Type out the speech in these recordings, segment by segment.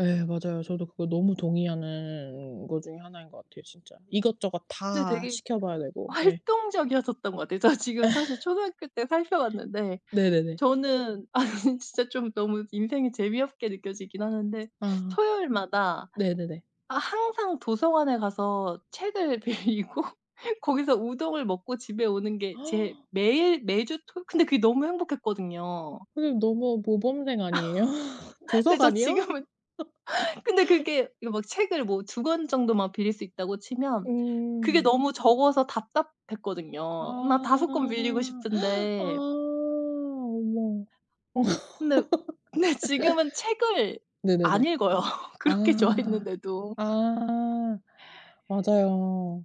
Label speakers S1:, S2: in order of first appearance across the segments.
S1: 예 맞아요. 저도 그것 너무 동의하는 것 중에 하나인 것 같아요 진짜. 이것저것
S2: 네
S1: 다
S2: 되게
S1: 시켜 봐야 되고. 예.
S2: 활동적이었었던 것 같아요. 저 지금 사실 초등학교 때 살펴 봤는데
S1: 네네네.
S2: 저는 아니 진짜 좀 너무 인생이 너무 재미없게 느껴지긴 하는데
S1: 아.
S2: 토요일마다
S1: 네네네.
S2: 아 항상 도서관에 가서 책을 빌리고 거기서 우동을 먹고 집에 오는 게 제일 매일, 매주 토 근데 그게 너무 행복했거든요.
S1: 선생님 너무 모범생 아니에요?
S2: 네 저
S1: 도서관이요?
S2: 지금은 근데 그게 이거 뭐 책을 뭐 2 권 정도만 빌릴 수 있다고 치면 그게
S1: 음.
S2: 너무 적어서 답답했거든요. 막 5 권
S1: 아.
S2: 빌리고
S1: 어
S2: 싶은데
S1: 어머. 어.
S2: 근데 근데 지금은 책을 안
S1: 네네네.
S2: 읽어요. 그렇게
S1: 아.
S2: 좋아했는데도.
S1: 아. 맞아요,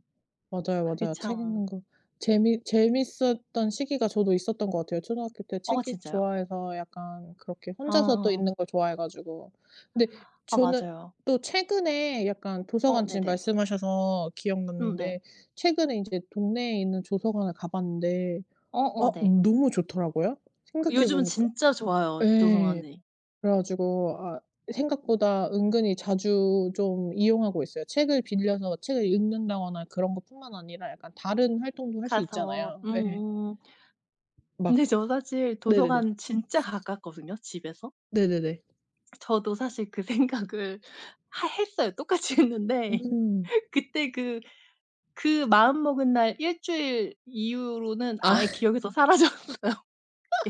S1: 맞아요,
S2: 그게
S1: 맞아요. 책
S2: 참
S1: 읽는 것 재미 재밌었던 시기가 저도 있었던 것 같아요. 초등학교 때
S2: 어
S1: 책 읽기
S2: 진짜요?
S1: 좋아해서 약간 그렇게 혼자서 또
S2: 아.
S1: 읽는 것 좋아해 가지고. 근데
S2: 아
S1: 저는
S2: 맞아요.
S1: 또 최근에 약간
S2: 어
S1: 도서관 지금
S2: 네네.
S1: 말씀하셔서
S2: 음 네.
S1: 기억났는데 최근에 인제 동네에 있는 도서관을 가 봤는데 어
S2: 어어 네.
S1: 너무 좋더라구요. 생각해
S2: 요즘은
S1: 보니까
S2: 진짜 좋아요
S1: 예.
S2: 도서관이.
S1: 그래 가지고 아 생각보다 은근히 자주 좀 이용하고 있어요. 책을 빌려서 책을 읽는다거나 그런 것뿐만 아니라 약간 다른 활동도 할 수
S2: 가서
S1: 있잖아요. 예.
S2: 음음.
S1: 막
S2: 근데 저도 사실
S1: 네네네.
S2: 도서관 진짜 가깝거든요 집에서.
S1: 네네네.
S2: 저도 사실 그 생각을 하 했어요. 똑같이 했는데.
S1: 음.
S2: 그때 그 그 마음먹은 날 1 주일 이후로는
S1: 아.
S2: 아예 기억에서 사라졌어요.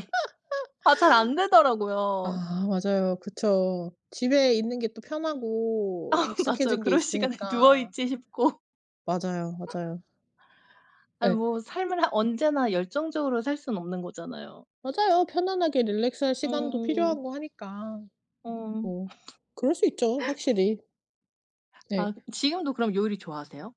S2: 예. 아 잘 안 되더라고요.
S1: 아. 맞아요. 그쵸. 집에 있는 게 또 편하고
S2: 아 맞아요.
S1: 익숙해진 게
S2: 그럴 시간에 누워
S1: 있으니까.
S2: 있지 싶고
S1: 맞아요, 맞아요.
S2: 아이
S1: 예.
S2: 뭐 삶을 한 언제나 열정적으로 살 수는 없는 거잖아요.
S1: 맞아요. 편안하게 릴랙스할 시간도
S2: 음.
S1: 필요하고 하니까
S2: 어.
S1: 뭐 그럴 수 있죠 확실히. 네.
S2: 아 그 지금도 그럼 요리 좋아하세요?